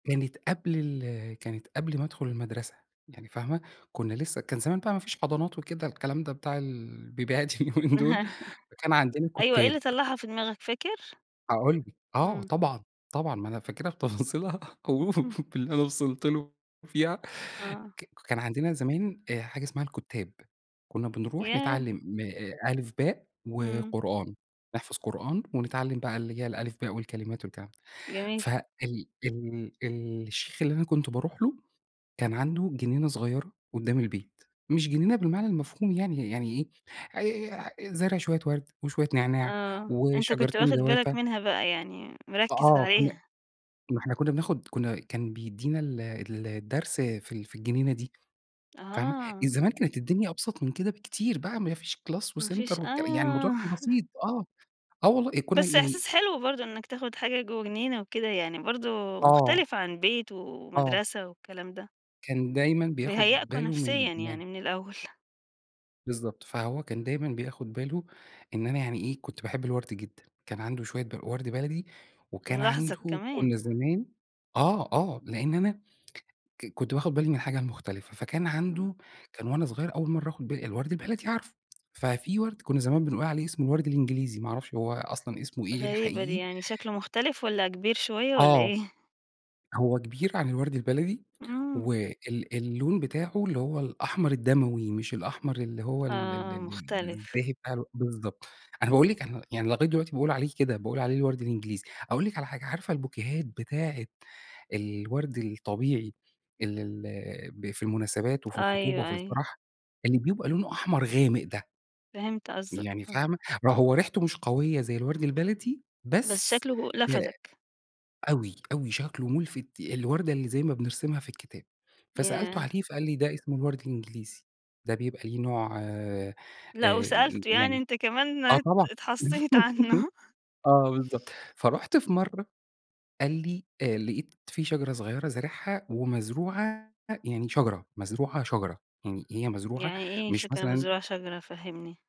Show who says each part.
Speaker 1: كانت قبل ال كانت قبل ما أدخُل المدرسة، يعني فاهمة؟ كُنّا لسّه كان زمان بقى ما فيش حضانات وكده الكلام ده بتاع ال البيبيهات اليومين دول، فكان عندنا
Speaker 2: أيوه. إيه اللي
Speaker 1: كُتّاب.
Speaker 2: طلّعها في دماغك فاكر؟
Speaker 1: هاقول لِك. آه
Speaker 2: إمم.
Speaker 1: طبعًا. طبعًا. ما أنا فاكرها بتفاصيلها أو باللي أنا وصلت له فيها،
Speaker 2: آه.
Speaker 1: ك كان عندنا زمان آآ حاجة اسمها الكُتّاب. كُنّا بنروح
Speaker 2: ياه!
Speaker 1: نتعلّم م أ ألِف، باء
Speaker 2: إمم.
Speaker 1: وقرآن، نحفظ قرآن ونتعلّم بقى اللي هي الألِف باء والكلمات والكلام ده.
Speaker 2: جميل.
Speaker 1: فال ال ال الشيخ اللي أنا كنت باروح له، كان عنده جنينة صغيرة قُدّام البيت، مش جنينة بالمعنى المفهوم يعني، يعني إيه آآ زارع شوية وَرْد وشوية نعناع
Speaker 2: آه. أنت كنت
Speaker 1: وشجرتين
Speaker 2: واخِد بالك
Speaker 1: جوافة.
Speaker 2: منها بقى، يعني مركّز
Speaker 1: فآه. كُنّا
Speaker 2: عليها.
Speaker 1: ما إحنا كُنّا بناخُد كُنّا كان بيدّينا ال ال الدرس في ال في الجنينة دي فاهمة؟ آآ
Speaker 2: أها.
Speaker 1: زمان كانت الدنيا أبسط من كده بكتير بقى ما فيش class
Speaker 2: ما
Speaker 1: وcenter
Speaker 2: فيش
Speaker 1: والكل يعني الموضوع
Speaker 2: آه.
Speaker 1: كان بسيط آه. آه والله، كُنّا
Speaker 2: بس
Speaker 1: يعني
Speaker 2: إحساس حلو برضه إنّك تاخُد حاجة جوّه جنينة وكده. يعني برضه
Speaker 1: آه.
Speaker 2: مختلفة عن بيت
Speaker 1: آه.
Speaker 2: ومدرسة والكلام ده.
Speaker 1: كان دايمًا بياخُد
Speaker 2: بيهيّأكم
Speaker 1: باله من
Speaker 2: نفسيًا
Speaker 1: م
Speaker 2: يعني من الأول.
Speaker 1: بالضبط. فهو كان دايماً بياخُد باله إن أنا يعني إيه، كنت باحب الوَرْد جدًا. كان عنده شوية ب وَرْد بلدي وكان
Speaker 2: ملاحظك
Speaker 1: عنده
Speaker 2: كمان.
Speaker 1: كُنّا زمان آه، آه. لإن أنا ك كنت باخُد بالي من الحاجة المختلفة، فكان
Speaker 2: إمم.
Speaker 1: عنده كان وأنا صغير أول مرّة آخُد بالي، الوَرْد البلدي عارفه، ففي وَرْد كُنّا زمان بنقول عليه اسمه الوَرْد الإنجليزي، ما أعرفش هو أصلًا اسمه إيه
Speaker 2: غريبة دي.
Speaker 1: الحقيقي.
Speaker 2: يعني شكله مختلف والّا كبير شوية والّا
Speaker 1: آه.
Speaker 2: إيه؟
Speaker 1: هو كبير عن الوَرْد البلدي
Speaker 2: إمم.
Speaker 1: وال اللون بتاعه اللي هو الأحمر الدَمَوي مش الأحمر اللي هو ال ال
Speaker 2: آه.
Speaker 1: ال
Speaker 2: مختلف.
Speaker 1: الزاهي بتاع الو بالضبط. أنا باقول لِك أنا يعني لغاية دلوقتي باقول عليه كده، باقول عليه الوَرْد الإنجليزي. أقول لِك على حاجة، عارفة البوكيهات بتاعة الوَرْد الطبيعي ال ال ب في المناسبات وفي الخطوبة
Speaker 2: أيوه،
Speaker 1: وفي
Speaker 2: أيوه.
Speaker 1: الفَرَح اللي بيبقى لونه أحمر غامق ده؟
Speaker 2: فهمت قصدك
Speaker 1: يعني
Speaker 2: آه.
Speaker 1: فاهمة؟ ما هو ريحته مش قويّة زي الوَرْد البلدي،
Speaker 2: بس
Speaker 1: بس
Speaker 2: شكله
Speaker 1: آآ
Speaker 2: لفَتِك.
Speaker 1: أوي، أوي شكله مُلفِت، الوردة اللي زي ما بنرسمها في الكتاب. فسألته
Speaker 2: ياه!
Speaker 1: عليه فقال لي: "ده اسمه الوَرْد الإنجليزي، ده بيبقى ليه نوع آآ
Speaker 2: لأ وسألته يعني
Speaker 1: يعني"
Speaker 2: أنت كمان
Speaker 1: آه
Speaker 2: ات
Speaker 1: طبعًا.
Speaker 2: اتحصّيت عنّه.
Speaker 1: آه بالضبط. فرُحت في مرّة قال لي: "آآ لقيت في شجرة صغيرة زارعها ومزروعة يعني شجرة، مزروعة شجرة. يعني هي مزروعة
Speaker 2: يعني إيه
Speaker 1: مش
Speaker 2: شجرة
Speaker 1: مثلًا"
Speaker 2: مزروعة شجرة فهِّمني؟